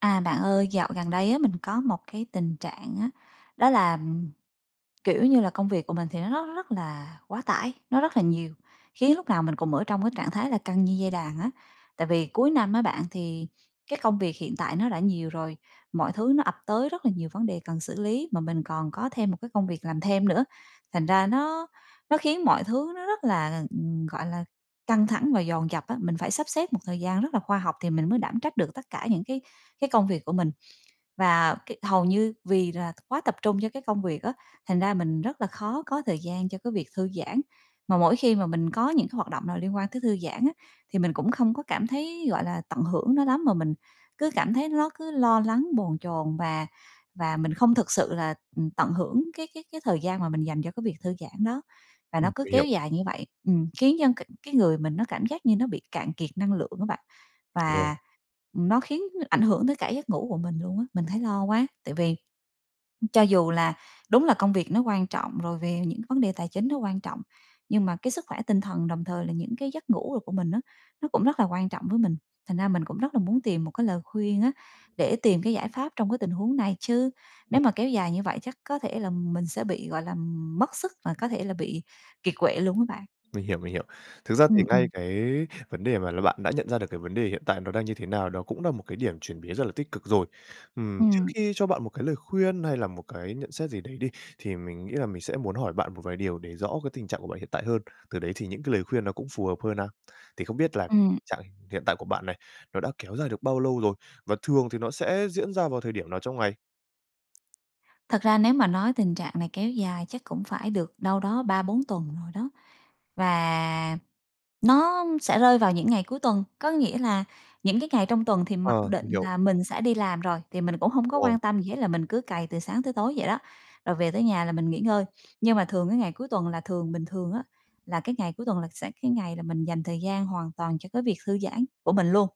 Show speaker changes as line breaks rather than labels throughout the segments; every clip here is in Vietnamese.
À, bạn ơi, dạo gần đây á mình có một cái tình trạng á, đó là, ừm kiểu như là, công việc của mình thì nó rất rất là quá tải, nó rất là nhiều, khiến lúc nào mình cùng ở trong cái trạng thái là căng như dây đàn á. Tại vì cuối năm á, bạn thì cái công việc hiện tại nó đã nhiều rồi, mọi thứ nó ập tới rất là nhiều vấn đề cần xử lý mà mình còn có thêm một cái công việc làm thêm nữa, thành ra nó nó khiến mọi thứ nó rất là, ừm, gọi là, căng thẳng và dồn dập á, mình phải sắp xếp một thời gian rất là khoa học thì mình mới đảm trách được tất cả những cái cái công việc của mình, và cái hầu như vì là quá tập trung cho cái công việc á, thành ra mình rất là khó có thời gian cho cái việc thư giãn. Mà mỗi khi mà mình có những cái hoạt động nào liên quan tới thư giãn á, thì mình cũng không có cảm thấy, gọi là, tận hưởng nó lắm mà mình cứ cảm thấy lót cứ lo lắng, bồn chồn và và mình không thực sự là, ừm, tận hưởng cái cái cái thời gian mà mình dành cho cái việc thư giãn đó, và nó
Ừm,
cứ
mình hiểu.
kéo dài như vậy, ừm, khiến cho c cái người mình nó cảm giác như nó bị cạn kiệt năng lượng á bạn,
Vâng.
và, ừm, nó khiến ảnh hưởng tới cả giấc ngủ của mình luôn á. Mình thấy lo quá, tại vì cho dù là đúng là công việc nó quan trọng rồi về những vấn đề tài chính nó quan trọng, nhưng mà cái sức khỏe tinh thần đồng thời là những cái giấc ngủ đồ của mình á, nó cũng rất là quan trọng với mình, thành ra mình cũng rất là muốn tìm một cái lời khuyên á, để tìm cái giải pháp trong cái tình huống này chứ
Ừm.
nếu mà kéo dài như vậy chắc có thể là mình sẽ bị, gọi là, mất sức mà có thể là bị kiệt quệ luôn á bạn.
Mình hiểu, mình hiểu. Thực ra thì
Ừm,
ngay
ừm.
cái vấn đề mà l bạn đã nhận ra được cái vấn đề hiện tại nó đang như thế nào, đó cũng là một cái điểm chuyển biến rất là tích cực rồi. Ừm, trước
Ừm.
khi cho bạn một cái lời khuyên hay là một cái nhận xét gì đấy đi, thì mình nghĩ là mình sẽ muốn hỏi bạn một vài điều để rõ cái tình trạng của bạn hiện tại hơn, từ đấy thì những cái lời khuyên nó cũng phù hợp hơn a. Thì không biết là
Ừm.
trạng hiện tại của bạn này, nó đã kéo dài được bao lâu rồi, và thường thì nó sẽ diễn ra vào thời điểm nào trong ngày?
Thật ra nếu mà nói tình trạng này kéo dài chắc cũng phải được đâu đó 3-4 tuần rồi đó, và nó sẽ rơi vào những ngày cuối tuần. Có nghĩa là những cái ngày trong tuần thì mặc
Ờ,
định
mình hiểu.
là mình sẽ đi làm rồi, thì mình cũng hông
Đúng
có
rồi.
quan tâm gì hết, là mình cứ cày từ sáng tới tối vậy đó, rồi về tới nhà là mình nghỉ ngơi. Nhưng mà thường cái ngày cuối tuần là thường bình thường á, là cái ngày cuối tuần là sẽ cái ngày là mình dành thời gian hoàn toàn cho cái việc thư giãn của mình luôn.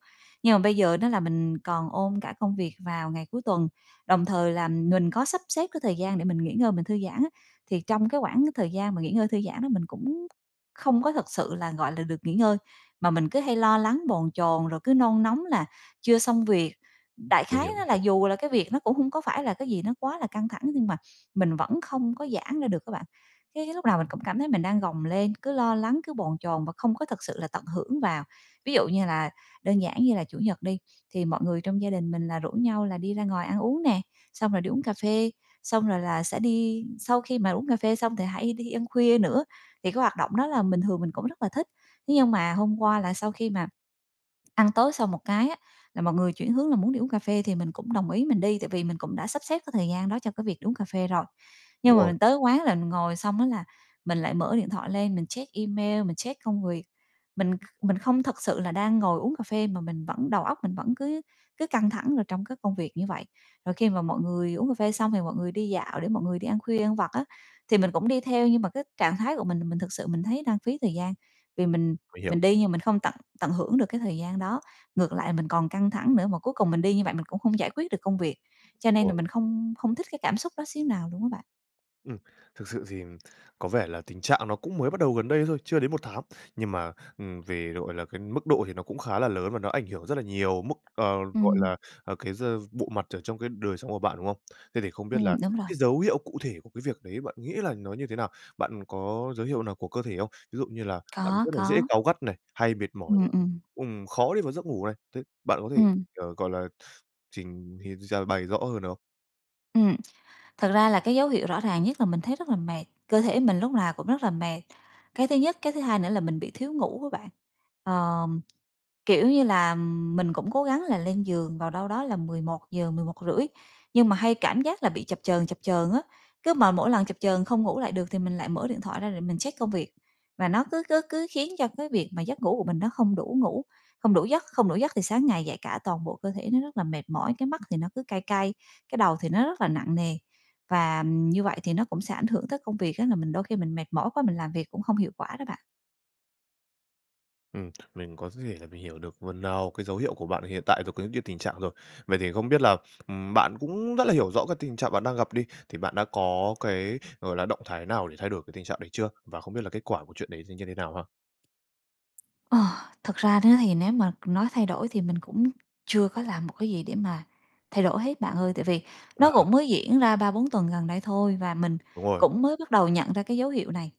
Nhưng mà bây giờ đó là mình còn ôm cả công việc vào ngày cuối tuần, đồng thời là mình có sắp xếp cái thời gian để mình nghỉ ngơi, mình thư giãn á, thì trong cái quãng thời gian mà nghỉ ngơi thư giãn đó mình cũng không có thực sự là, gọi là, được nghỉ ngơi, mà mình cứ hay lo lắng, bồn chồn, rồi cứ nôn nóng là chưa xong việc. Đại
Mình
khái
hiểu, mình
nó là
hiểu.
dù là cái việc nó cũng hông có phải là cái gì nó quá là căng thẳng, nhưng mà mình vẫn không có giãn ra được á bạn, cái cái lúc nào mình cũng cảm thấy mình đang gồng lên, cứ lo lắng, cứ bồn chồn và không có thực sự là tận hưởng vào. Ví dụ như là đơn giản như là Chủ nhật đi, thì mọi người trong gia đình mình là rủ nhau là đi ra ngoài ăn uống nè, xong rồi đi uống cà phê, xong rồi là sẽ đi sau khi mà uống cà phê xong thì hay đi ăn khuya nữa, thì cái hoạt động đó là bình thường mình cũng rất là thích. Thế nhưng mà hôm qua là sau khi mà ăn tối xong một cái á, là mọi người chuyển hướng là muốn đi uống cà phê thì mình cũng đồng ý mình đi, tại vì mình cũng đã sắp xếp cái thời gian đó cho cái việc đi uống cà phê rồi. Nhưng
Đúng
mà
rồi.
mình tới quán là ngồi xong á là mình lại mở điện thoại lên, mình check email, mình check công việc, mình kh mình không thực sự là đang ngồi uống cà phê, mà mình vẫn đầu
Ừm.
óc mình vẫn cứ cứ căng thẳng rồi trong cái công việc như vậy. Rồi khi mà mọi người uống cà phê xong thì mọi người đi dạo để mọi người đi ăn khuya, ăn vặt á, thì mình cũng đi theo, nhưng mà cái trạng thái của mình là mình thực sự mình thấy đang phí thời gian. Vì mình
Mình hiểu.
mình đi nhưng mình không tận tận hưởng được cái thời gian đó, ngược lại mình còn căng thẳng nữa, mà cuối cùng mình đi như vậy mình cũng không giải quyết được công việc. Cho
Đúng
nên là
rồi.
mình không không thích cái cảm xúc đó xíu nào luôn á bạn.
Ừm, thực sự thì có vẻ là tình trạng nó cũng mới bắt đầu gần đây thôi, chưa đến 1 tháng. Nhưng mà, ừm, về, gọi là, cái mức độ thì nó cũng khá là lớn, và nó ảnh hưởng rất là nhiều mức, ờ, gọi
Ừm.
là, cái d bộ mặt ở trong cái đời sống của bạn, đúng không? Thế thì không biết là
Ừm, đúng rồi.
cái dấu hiệu cụ thể của cái việc đấy bạn nghĩ là nó như thế nào? Bạn có dấu hiệu nào của cơ thể không? Ví dụ như là bạn
Có,
rất là dễ
có.
cáu gắt này, hay mệt mỏi này,
Ừm, ừm.
ừm, khó đi vào giấc ngủ này, th bạn có thể,
Ừm.
ờ, gọi là, trình hì d bày rõ hơn được không?
Ừm. Thật ra là cái dấu hiệu rõ ràng nhất là mình thấy rất là mệt, cơ thể mình lúc nào cũng rất là mệt cái thứ nhất. Cái thứ hai nữa là mình bị thiếu ngủ á bạn. Ờm, kiểu như là, mình cũng cố gắng là lên giường vào đâu đó là 11:00, 11:30, nhưng mà hay cảm giác là bị chập chờn, chập chờn á. Cứ mà mỗi lần chập chờn không ngủ lại được thì mình lại mở điện thoại ra để mình check công việc, và nó cứ cứ cứ khiến cho cái việc mà giấc ngủ của mình nó không đủ ngủ không đủ giấc. Không đủ giấc thì sáng ngày dậy cả toàn bộ cơ thể nó rất là mệt mỏi, cái mắt thì nó cứ cay cay, cái đầu thì nó rất là nặng nề và như vậy thì nó cũng sẽ ảnh hưởng tới công việc á, là mình đôi khi mình mệt mỏi quá mình làm việc cũng không hiệu quả đó bạn.
Ừm, mình có d thể là mình hiểu được phần nào cái dấu hiệu của bạn hiện tại rồi có như cái tình trạng rồi. Vậy thì không biết là, ừm, bạn cũng rất là hiểu rõ cái tình trạng bạn đang gặp đi, thì bạn đã có cái, gọi là, động thái nào để thay đổi cái tình trạng đấy chưa? Và không biết là kết quả của chuyện đấy sẽ như thế nào ha?
Ờ, thực ra đó thì nếu mà nói thay đổi thì mình cũng chưa có làm một cái gì để mà thay đổi hết bạn ơi, tại vì nó
À.
cũng mới diễn ra 3-4 tuần gần đây thôi và mình
Đúng rồi.
cũng mới bắt đầu nhận ra cái dấu hiệu này,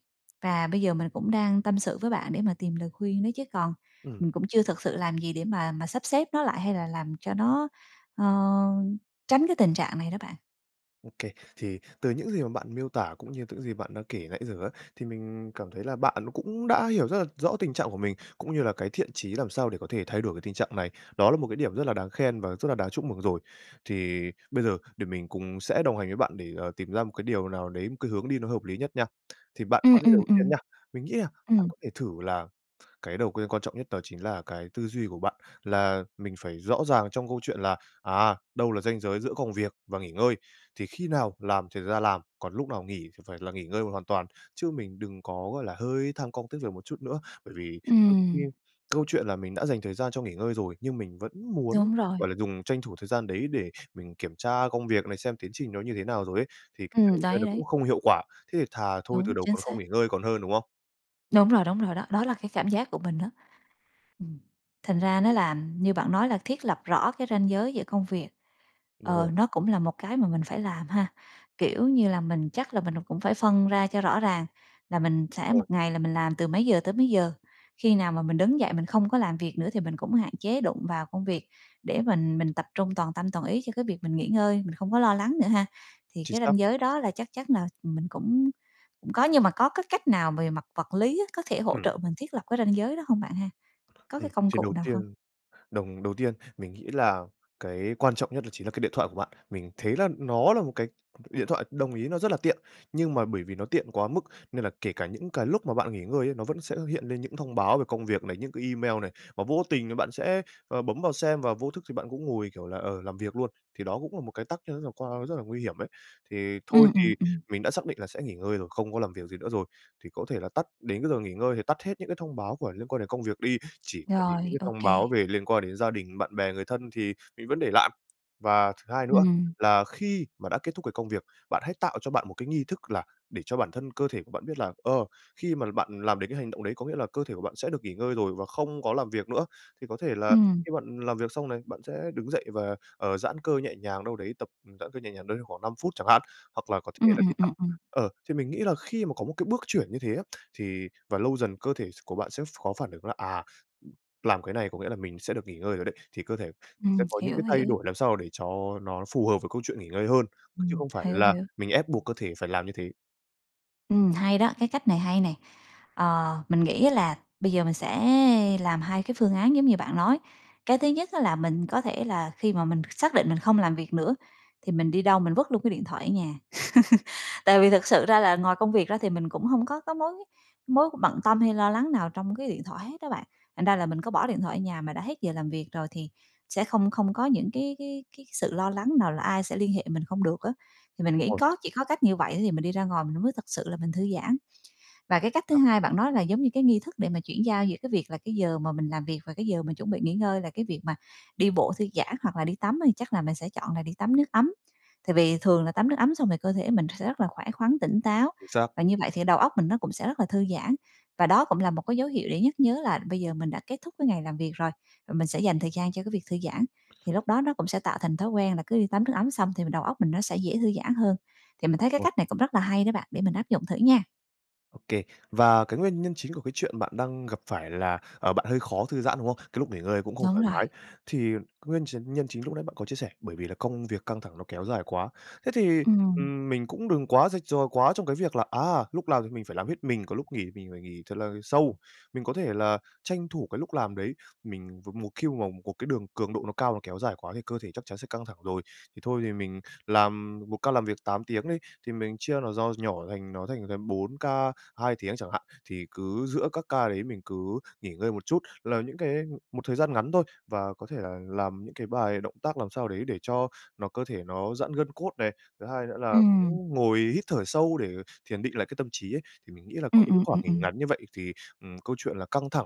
và bây giờ mình cũng đang tâm sự với bạn để mà tìm lời khuyên đó chứ còn,
Ừm.
ừm, cũng chưa thực sự làm gì để mà mà sắp xếp nó lại hay là làm cho nó, ơ, tránh cái tình trạng này đó bạn.
Ô kê. Thì từ những gì mà bạn miêu tả cũng như những gì bạn đã kể nãy giờ á, thì mình cảm thấy là bạn nó cũng đã hiểu rất là rõ tình trạng của mình, cũng như là cái thiện chí làm sao để có thể thay đổi cái tình trạng này, đó là một cái điểm rất là đáng khen và rất là đáng chúc mừng rồi. Thì bây giờ để mình cùng sẽ đồng hành với bạn để, à, tìm ra một cái điều nào đấy, một cái hướng đi nó hợp lý nhất nha. Thì bạn
Ừm,
có những
ừm,
đầu tiên
ừm.
nha, mình nghĩ là bạn
Ừm.
có thể thử là cái đầu cơ quan trọng nhất đó chính là cái tư duy của bạn, là mình phải rõ ràng trong câu chuyện là, à, đâu là ranh giới giữa công việc và nghỉ ngơi. Thì khi nào làm thì ra làm, còn lúc nào nghỉ thì phải là nghỉ ngơi hoàn toàn, chứ mình đừng có, gọi là, hơi tham công tiếc việc một chút nữa, bởi vì đôi khi
Ừm.
câu chuyện là mình đã dành thời gian cho nghỉ ngơi rồi nhưng mình vẫn muốn,
Đúng rồi.
gọi là, dùng tranh thủ thời gian đấy để mình kiểm tra công việc này, xem tiến trình nó như thế nào rồi ấy, thì [unintelligible]
Ừm,
ơ,
đấy,
nó
đấy.
cũng không hiệu quả, thế thì thà thôi từ
Đúng,
đầu
chính
còn không
xác.
nghỉ ngơi còn hơn, đúng không?
Đúng rồi, đúng rồi đó, đó là cái cảm giác của mình á. Ừm, thành ra nó
Ừ.
là như bạn nói là thiết lập rõ cái ranh giới giữa công việc,
Đúng
ờ,
rồi.
nó cũng là một cái mà mình phải làm ha? Kiểu như là mình chắc là mình là cũng phải phân ra cho rõ ràng là mình sẽ
Rồi.
1 ngày là mình làm từ mấy giờ tới mấy giờ, khi nào mà mình đứng dậy mình không có làm việc nữa thì mình cũng hạn chế đụng vào công việc để mình mình tập trung toàn tâm toàn ý cho cái việc mình nghỉ ngơi, mình không có lo lắng nữa ha? Thì
Chính
cái
xác.
ranh giới đó là chắc chắn là mình cũng cũng có, nhưng mà có cái cách nào về mặt vật lý á có thể hỗ
Ừm.
trợ mình thiết lập cái ranh giới đó hông bạn ha? Có
Ừm,
cái công
chuyện
cụ
đầu
nào không?
tiên, đồng đầu tiên mình nghĩ là cái quan trọng nhất đó chính là cái điện thoại của bạn, mình thấy là nó là một cái điện thoại, đồng ý nó rất là tiện, nhưng mà bởi vì nó tiện quá mức nên là kể cả những cái lúc mà bạn nghỉ ngơi ấy, nó vẫn sẽ hiện lên những thông báo về công việc này, những cái email này, và vô tình rồi bạn sẽ, à, bấm vào xem và vô thức thì bạn cũng ngồi, kiểu là, ờ, làm việc luôn, thì đó cũng là một cái tác nhân rất là quan rất là nguy hiểm ấy. Thì thôi
Ừm, ừm,
thì
ừm.
mình đã xác định là sẽ nghỉ ngơi rồi, không có làm việc gì nữa rồi, thì có thể là tắt, đến cái giờ nghỉ ngơi thì tắt hết những cái thông báo của liên quan đến công việc đi, chỉ là để những
Rồi,
cái thông
OK.
báo về liên quan đến gia đình, bạn bè, người thân thì mình vẫn để lại. Và thứ hai nữa
Ừm.
là khi mà đã kết thúc cái công việc, bạn hãy tạo cho bạn một cái nghi thức là để cho bản thân, cơ thể của bạn biết là, ờ, khi mà bạn làm đến cái hành động đấy có nghĩa là cơ thể của bạn sẽ được nghỉ ngơi rồi và không có làm việc nữa. Thì có thể là
Ừm.
khi bạn làm việc xong này, bạn sẽ đứng dậy và, ờ, giãn cơ nhẹ nhàng đâu đấy, tập giãn cơ nhẹ nhàng đâu đấy khoảng 5 phút chẳng hạn, hoặc là có thể
Ừm,
là đi
ừm,
tắm.
ừm, ừm.
Ờ, thì mình nghĩ là khi mà có một cái bước chuyển như thế á, thì và lâu dần cơ thể s của bạn sẽ có phản ứng là, à, làm cái này có nghĩa là mình sẽ được nghỉ ngơi rồi đấy, thì cơ thể sẽ
Ừm,
có những
hiểu,
cái thay
hiểu.
đổi làm sao mà để cho nó phù hợp với câu chuyện nghỉ ngơi hơn, chứ
Ừm,
không phải
hiểu,
là
hiểu.
mình ép buộc cơ thể phải làm như thế.
Ừm, hay đó, cái cách này hay này! Ờ, mình nghĩ á là bây giờ mình sẽ làm hai cái phương án giống như bạn nói. Cái thứ nhất á là mình có thể là khi mà mình xác định mình không làm việc nữa, thì mình đi đâu mình vứt luôn cái điện thoại ở nhà, tại vì thực sự ra là ngoài công việc ra thì mình cũng hông có cái mối mối bận tâm hay lo lắng nào trong cái điện thoại hết á bạn. Thành ra là mình có bỏ điện thoại ở nhà mà đã hết giờ làm việc rồi, thì sẽ không không có những cái cái cái sự lo lắng nào là ai sẽ liên hệ mình không được á, thì mình
Đúng
nghĩ
rồi.
có chỉ có cách như vậy thì mình đi ra ngoài mình mới thực sự là mình thư giãn. Và cái cách thứ
Đó.
hai bạn nói là giống như cái nghi thức để mà chuyển giao giữa cái việc là cái giờ mà mình làm việc, và cái giờ mình chuẩn bị nghỉ ngơi là cái việc mà đi bộ thư giãn, hoặc là đi tắm đi, chắc là mình sẽ chọn là đi tắm nước ấm, tại vì thường là tắm nước ấm xong thì cơ thể mình sẽ rất là khỏe khoắn, tỉnh táo
Chính xác.
và như vậy thì đầu óc mình nó cũng sẽ rất là thư giãn. Và đó cũng là một cái dấu hiệu để nhắc nhớ là bây giờ mình đã kết thúc cái ngày làm việc rồi, và mình sẽ dành thời gian cho cái việc thư giãn, thì lúc đó nó cũng sẽ tạo thành thói quen là cứ đi tắm nước ấm xong thì đầu óc mình nó sẽ dễ thư giãn hơn. Thì mình thấy cái
Ôi!
cách này cũng rất là hay đó bạn, để mình áp dụng thử nha.
Ô kê, và cái nguyên nhân chính của cái chuyện bạn đang gặp phải là, ờ, bạn hơi khó thư giãn, đúng không? Cái lúc nghỉ ngơi cũng không
Đúng
thoải
rồi.
mái. Thì nguyên chính nhân chính lúc nãy bạn có chia sẻ, bởi vì là công việc căng thẳng ló kéo dài quá. Thế thì,
Ừm.
ừm, mình cũng đừng quá rạch ròi quá trong cái việc là, à, lúc làm thì mình phải làm hết mình, còn lúc nghỉ mình phải nghỉ thật là sâu. Mình có thể là tranh thủ cái lúc làm đấy, mình và một khi mà mình một cái đường cường độ nó cao nó kéo dài quá thì cơ thể chắc chắn sẽ căng thẳng rồi. Thì thôi thì mình làm một ca làm việc 8 tiếng đi, thì mình chia nó do nhỏ thành nó thành gần 4 ca 2 tiếng chẳng hạn, thì cứ giữa các ca đấy mình cứ nghỉ ngơi một chút, là những cái ừm, một thời gian ngắn thôi, và có thể là làm những cái bài động tác làm sao đấy để cho nó cơ thể nó giãn gân cốt này. Thứ hai nữa là
Ừm.
cũng ngồi hít thở sâu để thiền định lại cái tâm trí ấy, thì mình nghĩ là có
Ừm,
những cái
ừm,
khoảng
ừm,
nghỉ
ừm.
ngắn như vậy thì, ừm, câu chuyện là căng thẳng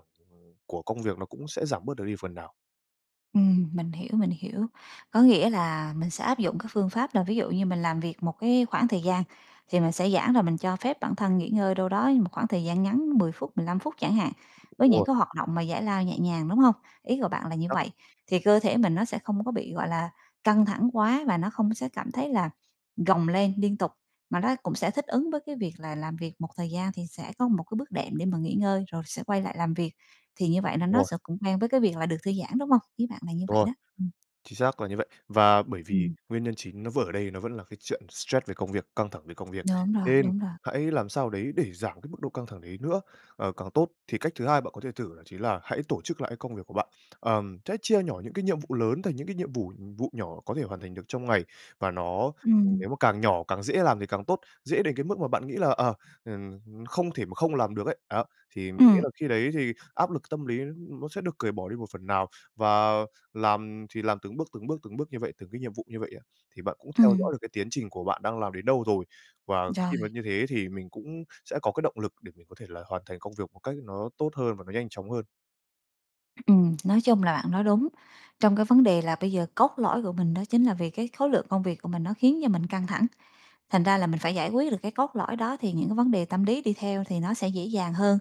của công việc nó cũng sẽ giảm bớt được đi phần nào.
Ừm, mình hiểu, mình hiểu. Có nghĩa là mình sẽ áp dụng các phương pháp là ví dụ như mình làm việc một cái khoảng thời gian, thì mình sẽ giãn rồi mình cho phép bản thân nghỉ ngơi đâu đó một khoảng thời gian ngắn 10 phút, 15 phút chẳng hạn, với
Đúng
những
rồi.
cái hoạt động mà giải lao nhẹ nhàng, đúng hông? Ý của bạn là như
Chắc
vậy, thì cơ thể mình nó sẽ không có bị, gọi là, căng thẳng quá và nó không sẽ cảm thấy là gồng lên liên tục, mà nó cũng sẽ thích ứng với cái việc là làm việc một thời gian thì sẽ có một cái bước đệm để mà nghỉ ngơi rồi sẽ quay lại làm việc thì như vậy là
Đúng
nó
rồi.
sẽ cũng quen với cái việc là được thư giãn, đúng hông? Ý bạn là như
Đúng
vậy
rồi.
đó, ừm.
Chính xác là như vậy. Và bởi vì
Ừm.
nguyên nhân chính nó vừa ở đây nó vẫn là cái chuyện stress về công việc, căng thẳng về công việc,
Đúng rồi,
nên
đúng rồi.
hãy làm sao đấy để giảm cái mức độ căng thẳng đấy nữa, ờ, càng tốt. Thì cách thứ hai bạn có thể thử đó chính là hãy tổ chức lại cái công việc của bạn. Ờm, hãy chia nhỏ những cái nhiệm vụ lớn thành những cái nhiệm vụ- vụ nhỏ có thể hoàn thành được trong ngày, và nó, ừm, nếu
Ừm.
mà càng nhỏ càng dễ làm thì càng tốt, dễ đến cái mức mà bạn nghĩ là, ờ, ừm, không thể mà không làm được ấy. Đó, thì mình nghĩ
Ừm.
là khi đấy thì áp lực tâm lý nó sẽ được cởi bỏ đi một phần nào, và làm thì làm từng bước, từng bước, từng bước như vậy, từng cái nhiệm vụ như vậy á, thì bạn cũng theo
Ừm.
dõi được cái tiến trình của bạn đang làm đến đâu rồi. Và khi mà
Rồi.
như thế thì mình cũng sẽ có cái động lực để mình có thể là hoàn thành công việc một cách nó tốt hơn và nó nhanh chóng hơn.
Ừm, nói chung là bạn nói đúng. Trong cái vấn đề là bây giờ, cốt lõi của mình đó chính là vì cái khối lượng công việc của mình nó khiến cho mình căng thẳng. Thành ra là mình phải giải quyết được cái cốt lõi đó thì những cái vấn đề tâm lý đi theo thì nó sẽ dễ dàng hơn.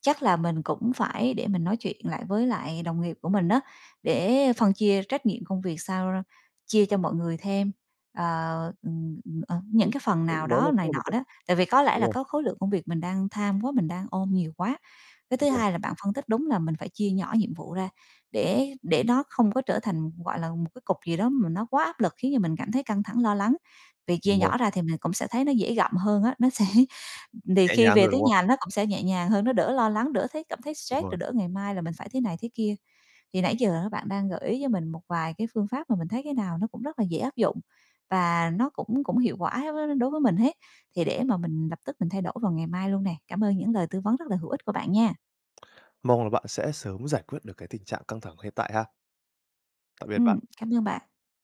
Chắc là mình cũng phải để mình nói chuyện lại với lại đồng nghiệp của mình á, để phân chia trách nhiệm công việc sao ra chia cho mọi người thêm, ờ, ừm, ừm, ờ, những
Đúng
cái phần nào
[unintelligible] đó là
đó
cũng
này
là một
nọ
cách.
đó. Tại vì có lẽ
Đúng
là
rồi.
có khối lượng công việc mình đang tham quá, mình đang ôm nhiều quá. Cái thứ
Đúng rồi.
hai là bạn phân tích đúng là mình phải chia nhỏ nhiệm vụ ra, để để nó không có trở thành gọi là một cái cục gì đó mà nó quá áp lực, khiến cho mình cảm thấy căng thẳng, lo lắng. Vì chia
Đúng rồi.
nhỏ ra thì mình cũng sẽ thấy nó dễ gặm hơn á, nó sẽ thì
Nhẹ
khi
nhàng
về
thôi,
tới
đúng không?
nhà nó cũng sẽ nhẹ nhàng hơn, nó đỡ lo lắng, đỡ thấy cảm thấy
Đúng
stress,
rồi.
rồi đỡ ngày mai là mình phải thế này thế kia. Thì nãy giờ bạn đang gợi ý cho mình một vài cái phương pháp mà mình thấy cái nào nó cũng rất là dễ áp dụng và nó cũng cũng hiệu quả đối với mình hết, thì để mà mình lập tức mình thay đổi vào ngày mai luôn nè. Cảm ơn những lời tư vấn rất là hữu ích của bạn nha!
Mong là bạn sẽ sớm giải quyết được cái tình trạng căng thẳng hiện tại ha. Tạm biệt bạn!
Ừm, cảm ơn bạn!